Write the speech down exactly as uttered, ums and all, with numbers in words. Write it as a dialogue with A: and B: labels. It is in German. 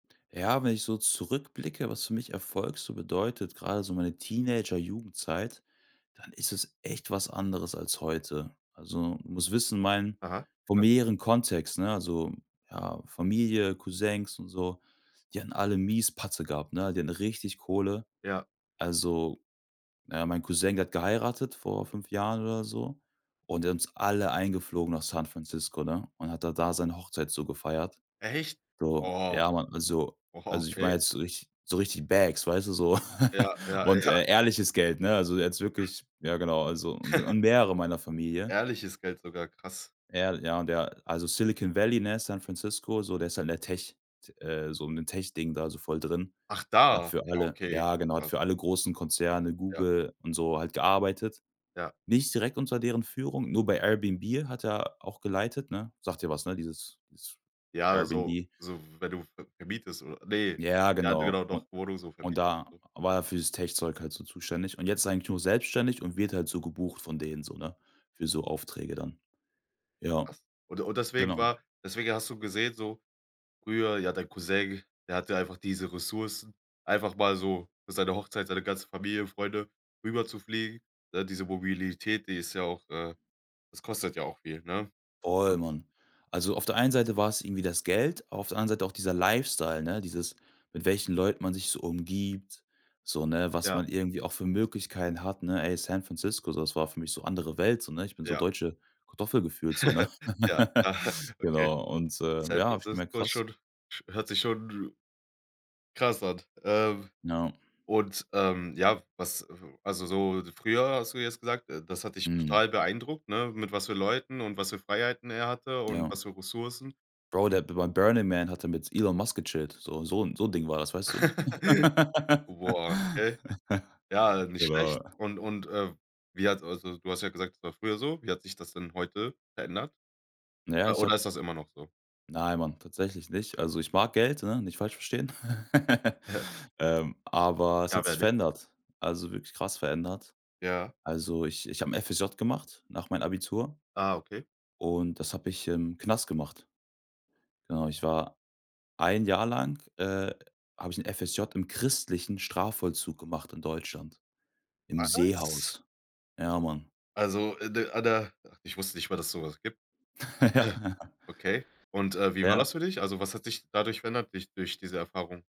A: Ja, wenn ich so zurückblicke, was für mich Erfolg so bedeutet, gerade so meine Teenager-Jugendzeit, dann ist es echt was anderes als heute. Also, du musst wissen, mein
B: Aha.
A: von
B: Ja.
A: mehreren Kontext, ne, also, ja Familie, Cousins und so, die hatten alle mies Patte gehabt, ne, die hatten richtig Kohle.
B: Ja.
A: Also, na ja, mein Cousin, der hat geheiratet vor fünf Jahren oder so und der hat uns alle eingeflogen nach San Francisco, ne, und hat dann da seine Hochzeit so gefeiert.
B: Echt?
A: Bro,
B: Oh.
A: ja, Mann, also
B: Oh,
A: also ich meine
B: okay.
A: jetzt richtig so richtig Bags, weißt du, so
B: Ja, ja,
A: und,
B: ja.
A: äh, ehrliches Geld, ne, also jetzt wirklich ja genau, also u und mehrere meiner Familie.
B: Ehrliches Geld sogar, krass.
A: Ehrl ja, und der also Silicon Valley, ne, San Francisco, so, der ist halt in der Tech T äh, so in dem Tech-Ding da so voll drin.
B: Ach
A: Der hat
B: da.
A: für
B: Ja,
A: alle,
B: okay.
A: ja, genau, hat
B: Was
A: für alle großen Konzerne,
B: Ja.
A: Google und so halt gearbeitet.
B: Ja.
A: Nicht direkt unter deren Führung, nur bei Airbnb hat er auch geleitet, ne? Sagt dir was, ne, dieses dieses
B: Ja, so
A: Airbnb.
B: so wenn du ve vermietest oder ne.
A: Ja,
B: Ja, d
A: genau.
B: genau,
A: Und
B: doch, wo du so
A: und
B: vermietest und
A: da
B: so.
A: war er für's Tech-Zeug halt so zuständig. Und jetzt ist er eigentlich nur selbstständig und wird halt so gebucht von denen so, ne, für so Aufträge dann.
B: Ja
A: Ja,
B: krass. Und und deswegen
A: genau.
B: war deswegen hast du gesehen so, früher ja, dein Cousin, der hatte einfach diese Ressourcen, einfach mal so für seine Hochzeit, seine ganze Familie, Freunde rüberzufliegen. Ne, diese Mobilität, die ist ja auch, äh das kostet ja auch viel, ne?
A: Voll, Mann. Also, auf der einen Seite war's irgendwie das Geld, auf der anderen Seite auch dieser Lifestyle, ne? Dieses mit welchen Leuten man sich so umgibt, so, ne, was
B: Ja.
A: man irgendwie auch für Möglichkeiten hat, ne? Ey, San Francisco, das war für mich so andere Welt, so, ne? Ich bin so
B: Ja.
A: deutsche Kartoffel gefühlt, so, ne?
B: Ja. Okay.
A: Genau, und, äh,
B: San
A: ja, habe ich gemerkt:
B: Francisco ist
A: Krass.
B: schon sch hört sich schon krass an. Ähm,
A: Ja.
B: und, ähm, ja, was, äh also, so d früher hast du jetzt gesagt, äh, das hat dich
A: Mhm.
B: total beeindruckt, ne, mit was für Leuten und was für Freiheiten er hatte und
A: Ja.
B: was für Ressourcen?
A: Bro, der hat b beim „Burning Man“ hat er mit Elon Musk gechillt, so so 'n so 'n Ding war das, weißt du?
B: Boah, okay. Ja, äh, nicht
A: Genau.
B: schlecht. Und und, äh, wie hat's also, du hast ja gesagt, es war früher so. Wie hat sich das denn heute verändert?
A: Na ja,
B: Oder
A: ich
B: oder
A: hab
B: ist das immer noch so?
A: Nein, Mann, tatsächlich nicht. Also, ich mag Geld, ne, nicht falsch verstehen, ähm, aber es
B: Ja,
A: hat
B: wer
A: sich
B: nicht?
A: verändert, also wirklich krass verändert.
B: Ja.
A: Also, ich ich habe 'n FSJ gemacht nach meinem Abitur
B: Ah, okay.
A: und das habe ich im Knast gemacht. Genau, ich war ein Jahr lang, äh habe ich 'n FSJ im christlichen Strafvollzug gemacht in Deutschland, im
B: Was?
A: Seehaus. Ja, Mann.
B: Also, d da, ich wusste nicht mal, dass so was gibt.
A: Ja.
B: Ja. Okay. Und, äh, wie war
A: Ja.
B: das für dich? Also, was hat dich dadurch verändert, durch durch diese Erfahrung?